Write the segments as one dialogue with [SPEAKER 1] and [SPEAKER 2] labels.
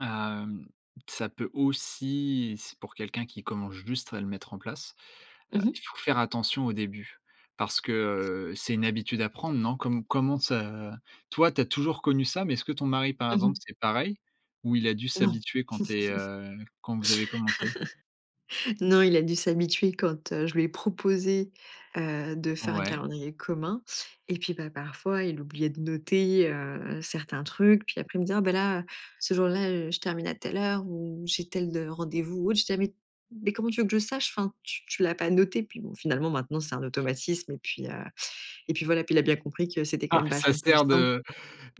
[SPEAKER 1] Ah, hem, ça peut aussi, s pour quelqu'un qui commence juste à le mettre en place, heu,
[SPEAKER 2] Mmh mh.
[SPEAKER 1] il faut faire attention au début. Parce que, heu, c'est une habitude à prendre, non? Comme comment ça, heu, toi, tu as toujours connu ça, mais est-ce que ton mari, par
[SPEAKER 2] Mmh
[SPEAKER 1] exemple,
[SPEAKER 2] mh.
[SPEAKER 1] c'est pareil? Ou, il a dû
[SPEAKER 2] Non.
[SPEAKER 1] s'habituer quand tu es, heu, quand vous avez commencé?
[SPEAKER 2] Non, il a dû s'habituer quand, heu, je lui ai proposé, heu, de faire un
[SPEAKER 1] Ouais.
[SPEAKER 2] calendrier commun et puis, bah, parfois, il oubliait de noter, heu, certains trucs. Puis après, il me dit: «Oh ben là, ce jour là, heu, je termine à telle heure, ou, j'ai tel rendez-vous ou autre». Je dis: «Ah mais mais comment veux tu que je le sache? Enfin tu tu l'as pas noté». Puis bon, bah, finalement, maintenant c'est un automatisme et puis, heu et puis voilà, puis il a bien compris que c'était quand
[SPEAKER 1] Ah!
[SPEAKER 2] même
[SPEAKER 1] Ça
[SPEAKER 2] vachement plus
[SPEAKER 1] sert
[SPEAKER 2] simple.
[SPEAKER 1] de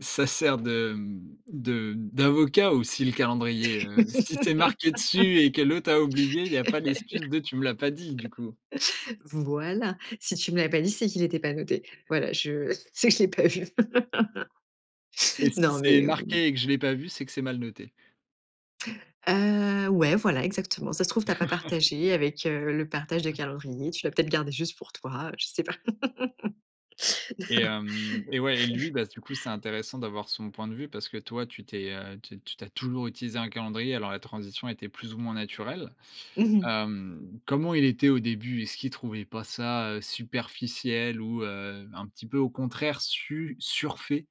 [SPEAKER 1] ça sert de, mmh, de d'avocat aussi, le calendrier, heu. Si c'est marqué dessus et que l'autre a oublié, il y a pas d'excuse de: «Tu me l'as pas dit», du coup.
[SPEAKER 2] Voilà. Si tu me l'as pas dit, c'est qu'il était pas noté. Voilà, je sais que je l'ai pas vu.
[SPEAKER 1] Et si
[SPEAKER 2] Non,
[SPEAKER 1] c'est
[SPEAKER 2] mais ou
[SPEAKER 1] marqué, et que je l'ai pas vu, c'est que c'est mal noté.
[SPEAKER 2] Heu, ouais, voilà exactement. «Ça se trouve, tu as pas partagé avec, heu, le partage de calendrier, tu l'as peut-être garder juste pour toi, je sais pas».
[SPEAKER 1] Et hem et, ouais et lui, bah du coup, c'est intéressant d'avoir son point de vue, parce que toi, tu t'es, heu, tu tu as toujours utilisé un calendrier, alors la transition était, plus ou moins, naturelle.
[SPEAKER 2] Mmh mh.
[SPEAKER 1] Hem, comment il était au début? Est-ce qu'il trouvait pas ça, heu, superficiel ou, heu, un petit peu au contraire su surfait?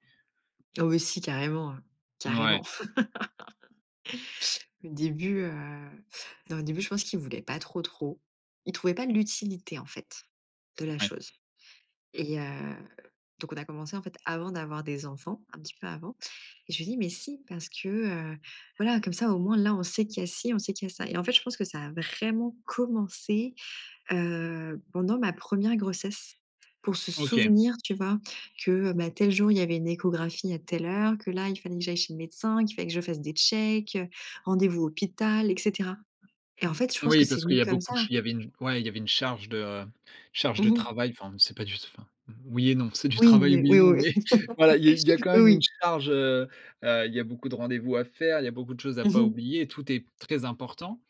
[SPEAKER 2] Oh oui, si carrément, heu, carrément.
[SPEAKER 1] Ouais.
[SPEAKER 2] Au début, heu, non, au début, je pense qu'il voulait pas trop, trop. Il trouvait pas l'utilité en fait, de la
[SPEAKER 1] Ouais.
[SPEAKER 2] chose et heu, donc on a commencé en fait, avant d'avoir des enfants, un petit peu avant et je lui dis: «Mais si, parce que, heu voilà, comme ça au moins là, on sait qu'il y a si, on sait qu'il y a ça» et en fait, je pense que ça a vraiment commencé, heu, pendant ma première 1re grossesse pour se
[SPEAKER 1] OK.
[SPEAKER 2] souvenir, tu vois? Que, bah, tel jour, il y avait une échographie à telle heure, que là, il fallait que j'aille chez le médecin, qu'il fallait que je fasse des checks, heu, rendez-vous hôpital et cetera et en fait, je pense que
[SPEAKER 1] Oui,
[SPEAKER 2] c'est
[SPEAKER 1] parce qu'il
[SPEAKER 2] venu
[SPEAKER 1] y a
[SPEAKER 2] comme
[SPEAKER 1] beaucoup de ch
[SPEAKER 2] ça.
[SPEAKER 1] il y avait une ouais il y avait une charge de charge de
[SPEAKER 2] Mmh mh.
[SPEAKER 1] travail, enfin, c'est pas du tout enfin, oui et non. C'est du
[SPEAKER 2] Oui,
[SPEAKER 1] travail,
[SPEAKER 2] mais
[SPEAKER 1] oui et
[SPEAKER 2] oui,
[SPEAKER 1] non,
[SPEAKER 2] oui.
[SPEAKER 1] mais voilà il y a il y a quand
[SPEAKER 2] heu,
[SPEAKER 1] même une
[SPEAKER 2] oui.
[SPEAKER 1] charge, heu, heu, il y beaucoup de rendez-vous à faire, il y a beaucoup de choses à
[SPEAKER 2] Mmh
[SPEAKER 1] pas
[SPEAKER 2] mh.
[SPEAKER 1] oublier, tout est très important.